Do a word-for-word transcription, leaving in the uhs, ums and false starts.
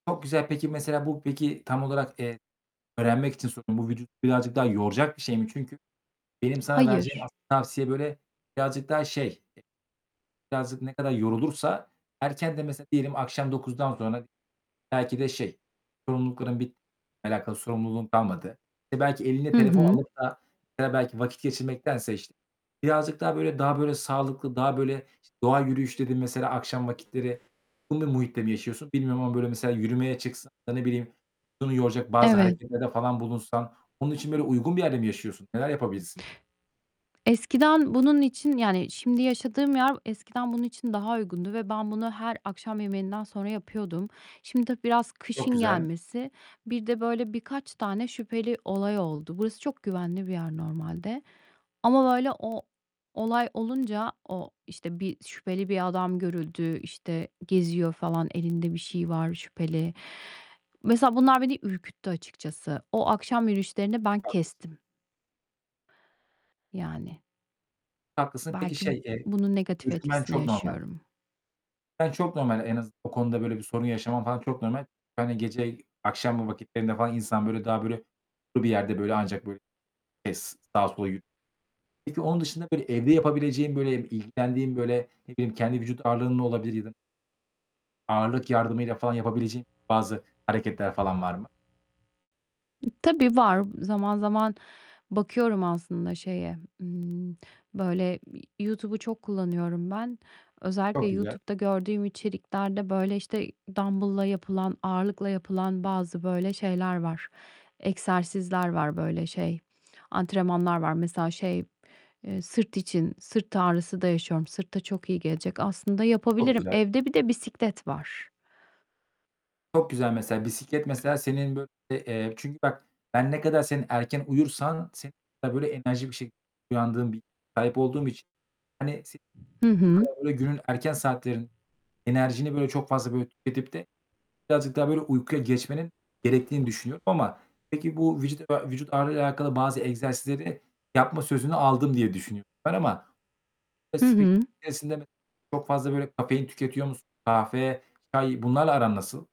Çok güzel. Peki mesela, bu peki, tam olarak, eee öğrenmek için soruyorum, bu vücudu birazcık daha yoracak bir şey mi? Çünkü benim sana vereceğim Hayır. asıl tavsiye, böyle, birazcık daha şey, e birazcık ne kadar yorulursa erkenden mesela diyelim, akşam dokuzdan sonra belki de şey, sorumlulukların bit alakalı sorumluluğun kalmadı, belki eline Hı telefon hı. alıp da mesela belki vakit geçirmektense iş birazcık daha, böyle, daha böyle sağlıklı, daha böyle doğa yürüyüşü dedin mesela, akşam vakitleri [unintelligible] bir muhitte mi yaşıyorsun bilmiyorum ama böyle mesela, yürümeye çıksan ya da ne bileyim, [unintelligible] yoracak bazı Evet. hareketlerde falan bulunsan bunun için böyle uygun bir yerde mi yaşıyorsun? Neler yapabilirsin? Eskiden bunun için Yani, şimdi yaşadığım yer eskiden bunun için daha uygundu ve ben bunu her akşam yemeğinden sonra yapıyordum. Şimdi tabii biraz Çok kışın güzel. gelmesi Bir de böyle birkaç tane şüpheli olay oldu. Burası çok güvenli bir yer normalde ama böyle o olay olunca o işte, bir şüpheli bir adam görüldü, işte, geziyor falan elinde bir şey var şüpheli. Mesela, bunlar beni ürküttü açıkçası. O akşam yürüyüşlerini ben Haklısın. kestim. Yani. Haklısın. Peki, Belki b şey, eee bunun negatif ürkmen etkisini çok normal. yaşıyorum. [unintelligible] çok normal. En az o konuda böyle bir sorun yaşaman falan çok normal. Yani, gece akşam vakitlerinde falan insan, böyle, daha böyle [unintelligible] bir yerde, böyle, ancak böyle, [unintelligible] sağa sola yü Peki, onun dışında böyle evde yapabileceğin, böyle, ilgilendiğin, böyle, ne bileyim, kendi vücut ağırlığınla olabilir ya da Ağırlık yardımıyla falan yapabileceğin bazı hareketler falan var mı? E, tabii var. Zaman zaman bakıyorum aslında şeye, ımm, böyle, iii, Y YouTube'u çok kullanıyorum ben. Özellikle Çok güzel. YouTube'da gördüğüm içeriklerde, böyle, işte dambılla yapılan, ağırlıkla yapılan bazı böyle şeyler var. Egzersizler var böyle, şey, antrenmanlar var. Mesela, şey, eee, sırt için. Sırt ağrısı da yaşıyorum. Sırta çok iyi gelecek. Aslında Çok yapabilirim. güzel. Evde bir de bisiklet var. Çok güzel. Mesela bisiklet, mesela senin böyle Eee, çünkü bak, ben ne kadar senin erken uyursan senin [unintelligible] kadar böyle enerjik bir şekil uyandığın bir [unintelligible] sahip olduğum için, hani, senin Hı bu hı. kadar böyle günün erken saatleri enerjini böyle çok fazla böyle tüketip de birazcık daha böyle uykuya geçmenin gerektiğini düşünüyorum ama peki, bu vücut a vücut ağırlığıyla alakalı bazı egzersizleri yapma sözünü aldım diye düşünüyorum ben ama Hı hı. [unintelligible] çok fazla böyle kafein tüketiyor musun? Kahve, çay bunlarla aran nasıl?